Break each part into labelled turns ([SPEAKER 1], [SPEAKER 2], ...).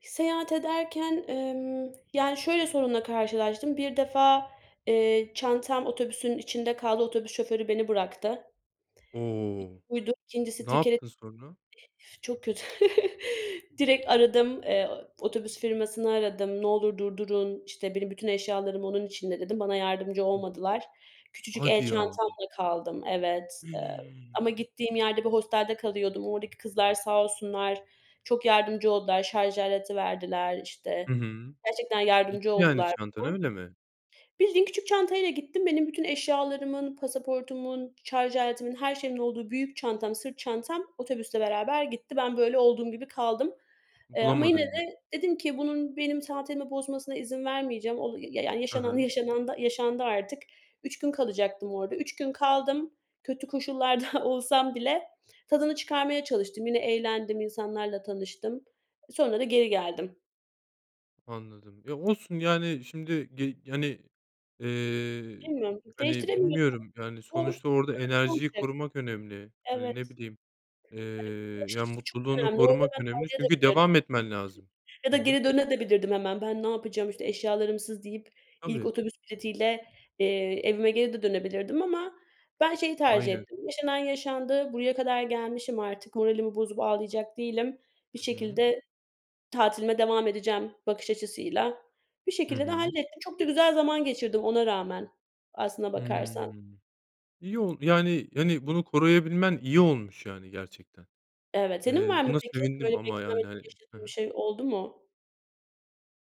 [SPEAKER 1] Seyahat ederken, emm, yani şöyle sorunla karşılaştım. Bir defa, eee, çantam otobüsün içinde kaldı. Otobüs şoförü beni bıraktı.
[SPEAKER 2] O!
[SPEAKER 1] [unintelligible] buydu. 2'ncisi
[SPEAKER 2] Ne yaptın sonra?
[SPEAKER 1] [unintelligible] çok kötü. Direkt aradım. Eee, otobüs firmasını aradım. "Ne olur durdurun. İşte benim bütün eşyalarım onun içinde" dedim. Bana yardımcı olmadılar. Küçücük el
[SPEAKER 2] Hadi ya.
[SPEAKER 1] çantamla kaldım. Evet, eee,
[SPEAKER 2] Hıı!
[SPEAKER 1] ama gittiğim yerde bir hostelde kalıyordum. Oradaki kızlar sağ olsunlar çok yardımcı oldular. Şarj aleti verdiler işte
[SPEAKER 2] Hı hı,
[SPEAKER 1] gerçekten
[SPEAKER 2] gitti
[SPEAKER 1] yardımcı
[SPEAKER 2] yani
[SPEAKER 1] oldular bana.
[SPEAKER 2] çantan öyle mi?
[SPEAKER 1] Bildiğin küçük çantayla gittim. Benim bütün eşyalarımın, pasaportumun, şarj aletimin, her şeyimin olduğu büyük çantam, sırt çantam otobüsle beraber gitti. Ben böyle olduğum gibi kaldım, eee, ama yine
[SPEAKER 2] Bulamadın mı?
[SPEAKER 1] de dedim ki bunun benim tatilimi bozmasına izin vermeyeceğim. O ya yani
[SPEAKER 2] Hı
[SPEAKER 1] yaşanan
[SPEAKER 2] hı.
[SPEAKER 1] yaşanan da yaşandı artık. 3 gün kalacaktım orada. 3 gün kaldım. Kötü koşullarda olsam bile tadını çıkarmaya çalıştım. Yine eğlendim, insanlarla tanıştım. Sonra da geri geldim.
[SPEAKER 2] Anladım, ya olsun yani şimdi ge hani, eee,
[SPEAKER 1] Bilmiyorum
[SPEAKER 2] hani,
[SPEAKER 1] değiştiremiyo
[SPEAKER 2] bilmiyorum yani sonuçta orada enerjiyi
[SPEAKER 1] [unintelligible]
[SPEAKER 2] korumak önemli, yani ne
[SPEAKER 1] evet.
[SPEAKER 2] bileyim. Eee,
[SPEAKER 1] [unintelligible] bakış
[SPEAKER 2] ya
[SPEAKER 1] açısı çok
[SPEAKER 2] mutluluğunu
[SPEAKER 1] önemli. Orada
[SPEAKER 2] korumak
[SPEAKER 1] ben
[SPEAKER 2] önemli çünkü
[SPEAKER 1] [unintelligible]
[SPEAKER 2] devam etmen lazım.
[SPEAKER 1] Ya da
[SPEAKER 2] Hı hı.
[SPEAKER 1] geri döne de bilirdim hemen ben ne yapacağım işte eşyalarımsız deyip ilk
[SPEAKER 2] Tabii.
[SPEAKER 1] otobüs bileti ile, eee, evime geri de dönebilirdim. Ama ben şeyi tercih
[SPEAKER 2] Aynen.
[SPEAKER 1] ettim yaşanan yaşandı, buraya kadar gelmişim artık moralimi bozup ağlayacak değilim bir
[SPEAKER 2] Hı hı.
[SPEAKER 1] şekilde tatilime devam edeceğim bakış açısıyla. Bir
[SPEAKER 2] Hı
[SPEAKER 1] şekilde de
[SPEAKER 2] hı.
[SPEAKER 1] hallettim. Çok da güzel zaman geçirdim ona rağmen aslına
[SPEAKER 2] Hıı.
[SPEAKER 1] bakarsan.
[SPEAKER 2] İyi oldu, yani, yani, bunu koruyabilmen iyi olmuş, yani, gerçekten.
[SPEAKER 1] Evet, senin
[SPEAKER 2] Eee,
[SPEAKER 1] var mı
[SPEAKER 2] buna
[SPEAKER 1] peki?
[SPEAKER 2] sevindim
[SPEAKER 1] Böyle
[SPEAKER 2] ama yani,
[SPEAKER 1] beklenmedik
[SPEAKER 2] hani Hı
[SPEAKER 1] yaşadığın bir
[SPEAKER 2] hı.
[SPEAKER 1] şey oldu mu?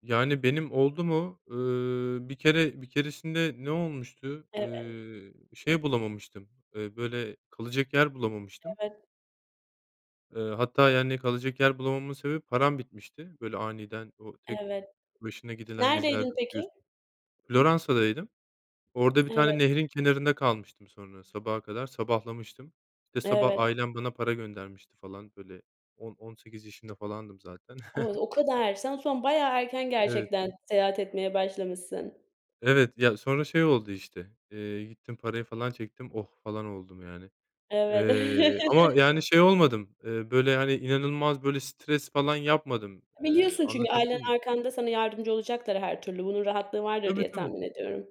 [SPEAKER 2] Yani benim oldu mu? Iıı, bir kere bir keresinde ne olmuştu?
[SPEAKER 1] Evet.
[SPEAKER 2] Iıı, şey bulamamıştım, eee, böyle kalacak yer bulamamıştım.
[SPEAKER 1] Evet.
[SPEAKER 2] Iıı, hatta yani kalacak yer bulamamamın sebebi param bitmişti. Böyle, aniden o tek
[SPEAKER 1] Evet.
[SPEAKER 2] başına gidilen gezilerde
[SPEAKER 1] Neredeydin peki?
[SPEAKER 2] biliyorsunuz. Floransa'daydım. Orada bir
[SPEAKER 1] Evet.
[SPEAKER 2] tane nehrin kenarında kalmıştım sonra sabaha kadar sabahlamıştım. İşte sabah
[SPEAKER 1] Evet.
[SPEAKER 2] ailem bana para göndermişti falan böyle on on sekiz yaşında falandım zaten.
[SPEAKER 1] O o kadar. Sen o zaman bayağı erken
[SPEAKER 2] Evet.
[SPEAKER 1] gerçekten seyahat etmeye başlamışsın.
[SPEAKER 2] Evet, ya sonra şey oldu işte, eee, gittim parayı falan çektim "oh falan" oldum yani.
[SPEAKER 1] Evet.
[SPEAKER 2] Eee, ama yani şey olmadım, eee, böyle hani inanılmaz böyle stres falan yapmadım, eee,
[SPEAKER 1] Biliyorsun çünkü ailen
[SPEAKER 2] anlatabildim m?
[SPEAKER 1] arkanda sana yardımcı olacaklar her türlü. Bunun rahatlığı vardır
[SPEAKER 2] Tabii,
[SPEAKER 1] diye
[SPEAKER 2] tabii.
[SPEAKER 1] tahmin ediyorum.